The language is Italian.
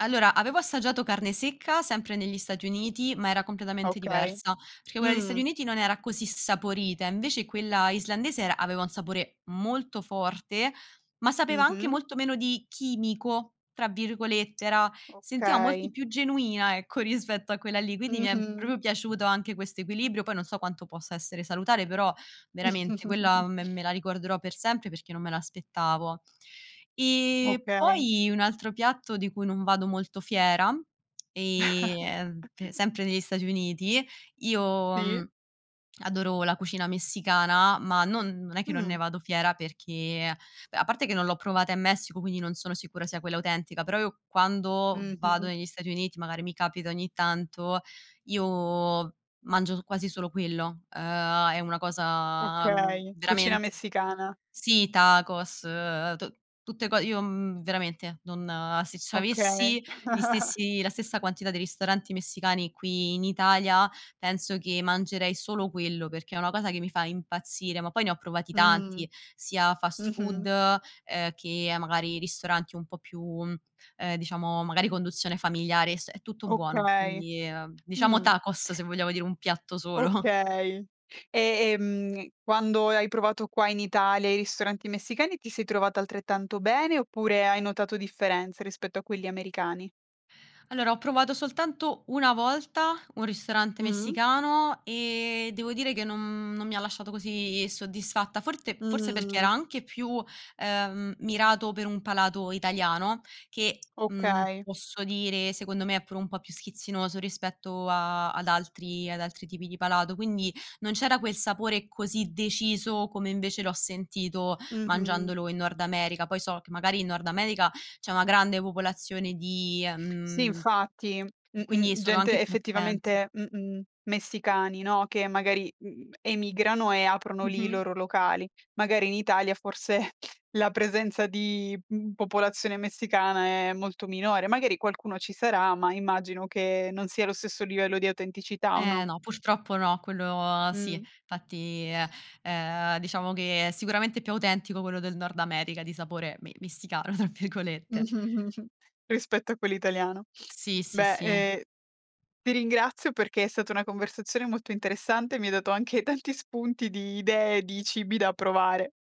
Allora, avevo assaggiato carne secca, sempre negli Stati Uniti, ma era completamente Okay. diversa. Perché quella degli Stati Mh. Uniti non era così saporita, invece quella islandese era aveva un sapore molto forte, ma sapeva anche Mh-mh. molto meno di "chimico" tra virgolette, era sentiva molto Okay. più genuina, ecco, rispetto a quella lì. Quindi mi è Mh-mh. proprio piaciuto anche questo equilibrio, poi non so quanto possa essere salutare, però veramente quella me me la ricorderò per sempre perché non me l'aspettavo. E Okay. poi un altro piatto di cui non vado molto fiera, ehm, mpe sempre negli Stati Uniti, io, Sì. mh, adoro la cucina messicana, ma non non è che non ne Mh. vado fiera perché, a parte che non l'ho provata in Messico, quindi non sono sicura sia quella autentica, però io quando vado Mh-mh. negli Stati Uniti, magari mi capita ogni tanto, io mangio quasi solo quello. Ehm, è una cosa, mhmm, Okay, cucina veramente messicana. sì, tacos, tu tutte co io, mhmm, veramente, non se Okay. c'avessi gli stessi la stessa quantità di ristoranti messicani qui in Italia, penso che mangerei solo quello perché è una cosa che mi fa impazzire. Ma poi ne ho provati Mh. tanti, sia fast food, Mh-mh. ehm, che, magari, ristoranti un po' più, mhmm, ehm, diciamo, magari a conduzione familiare, es è tutto buono. Okay. Quindi diciamo Mh. Tacos, se vogliamo dire un piatto solo. Okay. E e mh quando hai provato qua in Italia i ristoranti messicani ti sei trovata altrettanto bene oppure hai notato differenze rispetto a quelli americani? Allora, ho provato soltanto 1 volta un ristorante Mh-mh. messicano e devo dire che non, mhmm, non mi lasciato così soddisfatta. Forse forse perché Mh. era anche più, ehm, mirato per un palato italiano, che, mhmm, Okay. posso dire, secondo me è pure un po' più schizzinoso rispetto a ad altri ad altri tipi di palato, quindi non c'era quel sapore così deciso come invece l'ho sentito Mh-mh. mangiandolo in Nord America. Poi so che, magari, in Nord America c'è una grande popolazione di, Sì, mhmm infatti. e quindi Mh-mh, sono gente anche più attenti. effettivamente, mh-mh, messicani, no, che, magari, m emigrano e aprono lì i Mh-mh. loro locali. Magari in Italia, forse, la presenza di m popolazione messicana è molto minore. Magari qualcuno ci sarà, ma immagino che non sia lo stesso livello di autenticità, o Eh, no? no, purtroppo no, quello sì. Mh. Infatti uhm, ehm, diciamo che è sicuramente più autentico quello del Nord America di sapore mi "messicano" tra virgolette. Rispetto a quello italiano. Sì sì Beh, sì. ehm, ti ringrazio perché è stata una conversazione molto interessante, mi hai dato anche tanti spunti di idee, di cibi da provare.